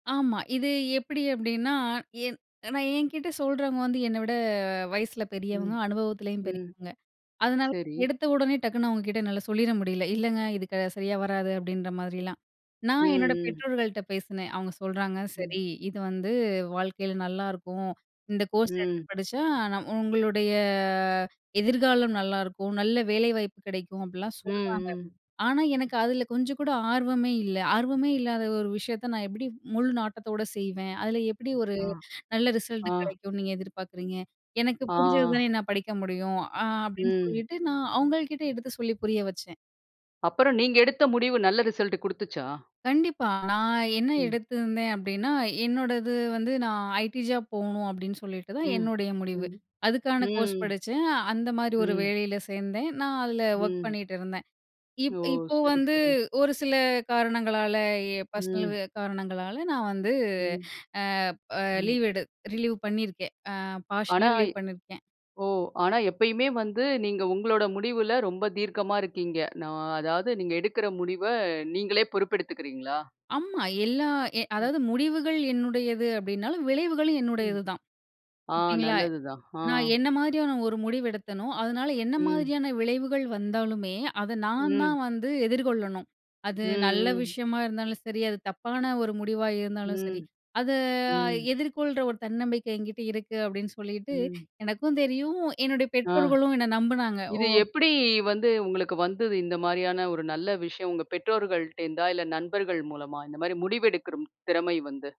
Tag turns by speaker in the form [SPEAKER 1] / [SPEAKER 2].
[SPEAKER 1] ஆமா. இது எப்டி அப்டின்னா, என் நான் என்கிட்ட சொல்றவங்க வந்து என்ன விட, வயசுல
[SPEAKER 2] ம்.
[SPEAKER 1] பெரியவங்க அனுபவத்திலயும்
[SPEAKER 2] ம்.
[SPEAKER 1] பெரியவங்க. அதனால
[SPEAKER 2] சரி.
[SPEAKER 1] எடுத்த உடனே டக்குனு அவுங்க கிட்ட என்னால சொல்லிற முடியல. "இல்லைங்க இது க சரியா வராது" அப்படின்ற மாதிரிலாம். நான் என்னோட
[SPEAKER 2] ம். ம்.
[SPEAKER 1] பெற்றோர்கள்ட்ட பேசினேன். அவுங்க சொல்றாங்க.
[SPEAKER 2] ம்.
[SPEAKER 1] சரி இது வந்து வாழ்க்கையில நல்லாருக்கும். இந்த கோர்ஸ் எடுத்து
[SPEAKER 2] ம்
[SPEAKER 1] படிச்சா நம் உங்களுடைய எதிர்காலம் நல்லாருக்கும். நல்ல வேலைவாய்ப்பு கிடைக்கும் அப்டிலாம்
[SPEAKER 2] ம்,
[SPEAKER 1] சொல்றாங்க.
[SPEAKER 2] ம்.
[SPEAKER 1] ஆனா எனக்கு அதில கொஞ்சம் கூட ஆர்வமே இல்லை. "ஆர்வமே இல்லாத ஒரு விஷயத்த "நான் எப்படி, முழு நாட்டத்தோடு செய்வேன்?" அதில "எப்டி ஒரு
[SPEAKER 2] ஆ.
[SPEAKER 1] நல்ல ரிசல்ட்
[SPEAKER 2] ஆ.
[SPEAKER 1] கிடைக்கும்னு நீங்க எதிர்பார்க்குறீங்க?" "எனக்கு
[SPEAKER 2] ஆ.
[SPEAKER 1] புரிஞ்சதுதானே என்னால படிக்க முடியும்!" அ அப்படின்னு
[SPEAKER 2] ம்.
[SPEAKER 1] சொல்லிட்டு, நான் அவுங்கள்கிட்ட எடுத்து சொல்லி புரிய வச்சேன்.
[SPEAKER 2] அப்புறம் நீங்க எடுத்த முடிவு நல்ல ரிசல்ட் குடுத்துச்சா?
[SPEAKER 1] கண்டிப்பா நான் என்ன
[SPEAKER 2] ம்.
[SPEAKER 1] எடுத்திருந்தேன் அப்டின்னா, என்னோடது வந்து நான் ஐடி ஜாப் போவுணும் அப்டின்னு சொல்லிட்டு தான்
[SPEAKER 2] ம்.
[SPEAKER 1] என்னுடைய முடிவு
[SPEAKER 2] ம்.
[SPEAKER 1] அதுக்கான கோர்ஸ்
[SPEAKER 2] ம்.
[SPEAKER 1] படிச்சேன். அந்த மாரி
[SPEAKER 2] ம்,
[SPEAKER 1] ஒரு
[SPEAKER 2] ம்.
[SPEAKER 1] வேலையில சேந்தேன். நான் அதில ஒர்க்
[SPEAKER 2] ம்.
[SPEAKER 1] பண்ணிகிட்டு இருந்தேன். இப்
[SPEAKER 2] ஓ!
[SPEAKER 1] இப்ப
[SPEAKER 2] சரி,
[SPEAKER 1] வந்து
[SPEAKER 2] சரி.
[SPEAKER 1] ஒரு சில காரணங்களால எ பர்ஸ்னல்
[SPEAKER 2] ம்.
[SPEAKER 1] காரணங்களால நான் வந்து,
[SPEAKER 2] ம்.
[SPEAKER 1] அ
[SPEAKER 2] ம்.
[SPEAKER 1] லீவ் எடு ரிலீவ் பண்ணியிருக்கேன். அ
[SPEAKER 2] ஆனா
[SPEAKER 1] பார்ஷியல்லா ரிலீவ் பண்ணிருக்கேன்.
[SPEAKER 2] ஓ ஆனா எப்பயுமே வந்து நீங்க உங்களோட முடிவுல ரொம்ப தீர்க்கமா இருக்கீங்க. நான் அதாவது, நீங்க எடுக்கிற முடிவை, "நீங்களே பொறுப்பு எடுத்துக்குறீங்களா?"
[SPEAKER 1] ஆமா, எல்லா எ
[SPEAKER 2] ம்.
[SPEAKER 1] அதாவது முடிவுகள் என்னுடையது அப்டினாலும், விளைவுகளும்
[SPEAKER 2] ம்.
[SPEAKER 1] என்னுடையதுதான்.
[SPEAKER 2] ஆ
[SPEAKER 1] ஓகேங்களா?
[SPEAKER 2] நல்லது தான். ஆ.
[SPEAKER 1] நான் என்ன மாதிரியான ஒரு முடிவு எடுத்தனோ, அதனால என்ன
[SPEAKER 2] ம்.
[SPEAKER 1] மாதிரியான விளைவுகள் வந்தாலுமே, அத நான்
[SPEAKER 2] ம்.
[SPEAKER 1] தான் வந்து எதிர்கொள்ளணும். அது நல்ல
[SPEAKER 2] ம், ம்.
[SPEAKER 1] விஷயமா இருந்தாலும் சரி அது தப்பான ஒரு முடிவா இருந்தாலும் சரி,
[SPEAKER 2] ம்,
[SPEAKER 1] அத
[SPEAKER 2] ம்.
[SPEAKER 1] எதிர்கொள்ற ஒரு தன்னம்பிக்கை என்கிட்ட இருக்கு. அப்டின்னு சொல்லிட்டு
[SPEAKER 2] ம்.
[SPEAKER 1] எனக்கும் தெரியும், என்னுடைய
[SPEAKER 2] ஆ
[SPEAKER 1] பெற்றோர்களும் என்ன நம்புனாங்க
[SPEAKER 2] "இது
[SPEAKER 1] ஓ
[SPEAKER 2] எப்படி வந்து உங்களுக்கு வந்தது?" இந்த மாரியான ஒரு நல்ல விஷயம். "உங்க பெற்றோர்கள்ட்ட இருந்தா, இல்ல நண்பர்கள் மூலமா?" இந்த மாரி முடிவு எடுக்குற திறமை வந்து!